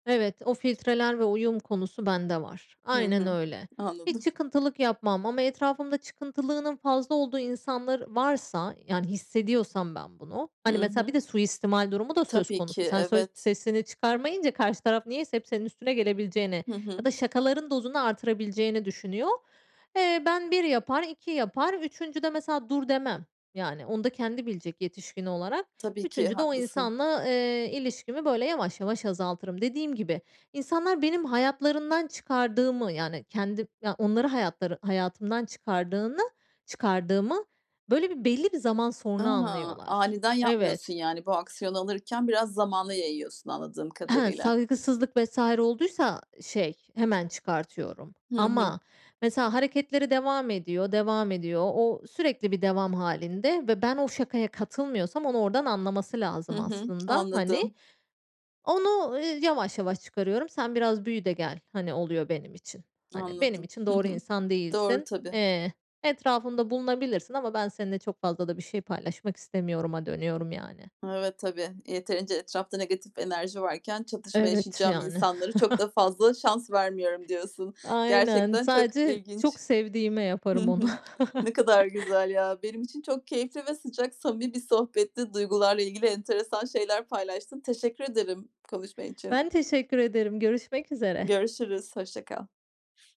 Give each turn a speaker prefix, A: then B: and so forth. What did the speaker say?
A: Evet, o filtreler ve uyum konusu bende var.
B: Hı
A: Aynen
B: hı,
A: öyle. Hiç
B: anladım.
A: çıkıntılık yapmam ama etrafımda çıkıntılılığının fazla olduğu insanlar varsa, yani, hissediyorsam ben bunu, hani,
B: Hı
A: mesela, bir
B: hı.
A: de suistimal durumu da söz
B: Tabii ki,
A: konusu. Sen sö
B: evet.
A: sesini çıkarmayınca karşı taraf niyeyse hep senin üstüne gelebileceğini
B: Hı
A: ya
B: hı.
A: da şakaların dozunu artırabileceğini düşünüyor. Eee, ben 1 yapar, 2 yapar, 3'üncüde mesela, dur demem. Yani, onu da kendi bilecek yetişkin olarak.
B: Tabii ki,
A: 3'üncüde o
B: haklısın.
A: insanla, eee, ilişkimi böyle yavaş yavaş azaltırım. Dediğim gibi, insanlar benim hayatlarından çıkardığımı, yani, kendi ya, onları hayatları hayatımdan çıkardığını, çıkardığımı, böyle, bir belli bir zaman sonra
B: A!
A: anlıyorlar.
B: Aniden yapmıyorsun,
A: Evet.
B: yani. Bu aksiyonu alırken biraz zamana yayıyorsun, anladığım
A: Ehe,
B: kadarıyla.
A: saygısızlık vs. olduysa, şey, hemen çıkartıyorum
B: Hı hı.
A: ama mesela, hareketleri devam ediyor, devam ediyor. O sürekli bir devam hâlinde ve ben o şakaya katılmıyorsam, onu oradan anlaması
B: Hı
A: lazım,
B: hı.
A: aslında. Hani,
B: Anladım.
A: onu, ııı, yavaş yavaş çıkarıyorum. Sen biraz büyü de gel. Hani, oluyor benim için. Hani, benim
B: Anladım.
A: için
B: Hı
A: doğru
B: hı.
A: insan
B: Doğru
A: değilsin.
B: tabii.
A: Eee, etrafımda bulunabilirsin ama ben seninle çok fazla da bir şey paylaşmak istemiyoruma, dönüyorum, yani.
B: Evet, tabii yeterince etrafta negatif enerji varken çatışma
A: Evet,
B: yaşayacağım
A: yani.
B: insanlara çok da fazla şans vermiyorum, diyorsun.
A: Aynen,
B: Gerçekten çok
A: sadece çok
B: ilginç.
A: sevdiğime
B: Hı
A: yaparım onu.
B: hı. Ne kadar güzel ya benim için çok keyifli ve sıcak, samimi bir sohbetti. Duygularla ilgili enteresan şeyler paylaştın. Teşekkür ederim konuşman için.
A: Ben teşekkür ederim, görüşmek üzere.
B: Görüşürüz, hoşça kal.